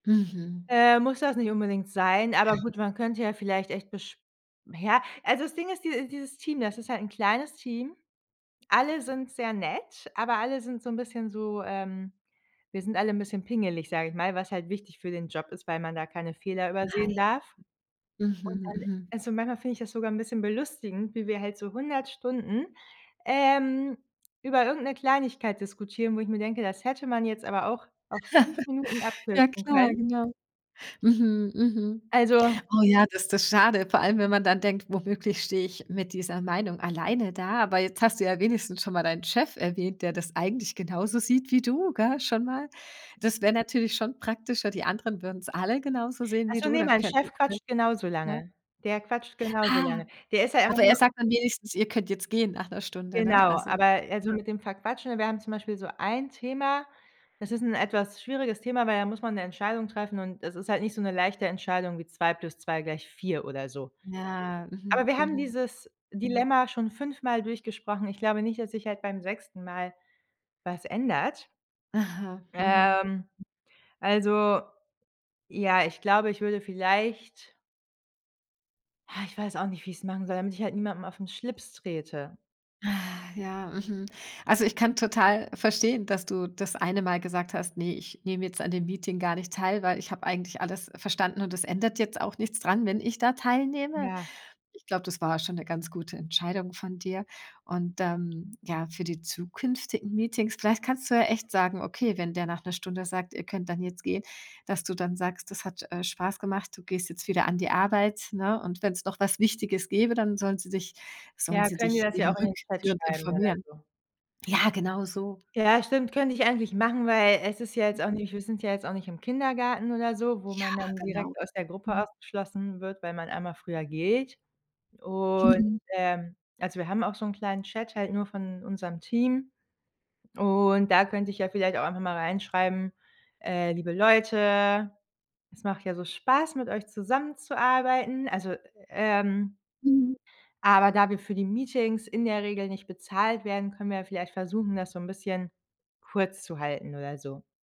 Mhm. Äh, muss das nicht unbedingt sein, aber gut, man könnte ja vielleicht echt besch ja, also das Ding ist, diese dieses Team, das ist halt 'n kleines Team. Alle sind sehr nett, aber alle sind so 'n bisschen so, ähm „wir sind alle 'n bisschen pingelig“, sage ich mal, was halt wichtig für den Job ist, weil man da keine Fehler Nein. übersehen darf. Und Mhm, dann mhm. also, manchmal finde ich das sogar 'n bisschen belustigend, wie wir halt so 100 Stunden, ähm, über irgendeine Kleinigkeit diskutieren, wo ich mir denke: „Das hätte man jetzt aber auch auf 5 Minuten Ja abkürzen klar, können.“ genau. Mhm, mhm. Also Oh ja, das das schade. Vor allem, wenn man dann denkt: „Womöglich stehe ich mit dieser Meinung alleine da.“ Aber jetzt hast du ja wenigstens schon mal deinen Chef erwähnt, der das eigentlich genauso sieht wie du, gell, schon mal. Das wäre natürlich schon praktischer, die anderen würden's alle genauso sehen Ach wie so, du, ne, dann mein könnten Chef quatscht genauso alle ja. lange. Der quatscht genauso Ah. lange. Der ist ja einfach Aber er nur sagt dann wenigstens: „Ihr könnt jetzt gehen.“, nach 'ner Stunde, ne? Genau. Also Aber also, ja. mit dem Verquatschen wir haben zum Beispiel so ein Thema, das ist 'n etwas schwieriges Thema, weil da muss man 'ne Entscheidung treffen. Und das ist halt nicht so 'ne leichte Entscheidung wie 2 plus 2 gleich 4 oder so. Ja, Aber mhm, wir haben mhm. dieses Mhm. Dilemma schon fünfmal durchgesprochen. Ich glaube nicht, dass sich halt beim 6. Mal was ändert. Aha, mhm. Ähm, also ja, ich glaube, ich würde vielleicht Ha, ich weiß auch nicht, wie ich's machen soll, damit ich halt niemandem auf ’n Schlips trete. Ah, ja, mhm. Also, ich kann total verstehen, dass du das eine Mal gesagt hast: „Ne, ich nehme jetzt an dem Meeting gar nicht teil, weil ich habe eigentlich alles verstanden und es ändert jetzt auch nichts dran, wenn ich da teilnehme.“ Ja. Ich glaube, das war schon 'ne ganz gute Entscheidung von dir. Und dann, ja, für die zukünftigen Meetings, vielleicht kannst du ja echt sagen, okay, wenn der nach 'ner Stunde sagt: „Ihr könnt dann jetzt gehen.“, dass du dann sagst, das hat, äh, Spaß gemacht, du gehst jetzt wieder an die Arbeit, ne? Und wenn's noch was Wichtiges gäbe, dann sollen sie dich sollen Ja, sie können die dich das ja eben auch in den Chat rückführend schreiben oder informieren. so. Ja, genau so. Ja, stimmt, könnte ich eigentlich machen, weil es ist ja jetzt auch [unintelligible] nicht wir sind ja jetzt auch nicht im Kindergarten oder so, wo Ja, man dann genau. direkt aus der Gruppe Mhm. ausgeschlossen wird, weil man einmal früher geht. Und, Mhm. ähm also wir haben auch so 'n kleinen Chat halt nur von unserem Team. Und da könnte ich ja vielleicht auch einfach mal reinschreiben, äh: „Liebe Leute, es macht ja so Spaß, mit euch zusammenzuarbeiten. Also, ähm" Mhm. „aber da wir für die Meetings in der Regel nicht bezahlt werden, können wir ja vielleicht versuchen, das so 'n bisschen kurz zu halten.“, oder so.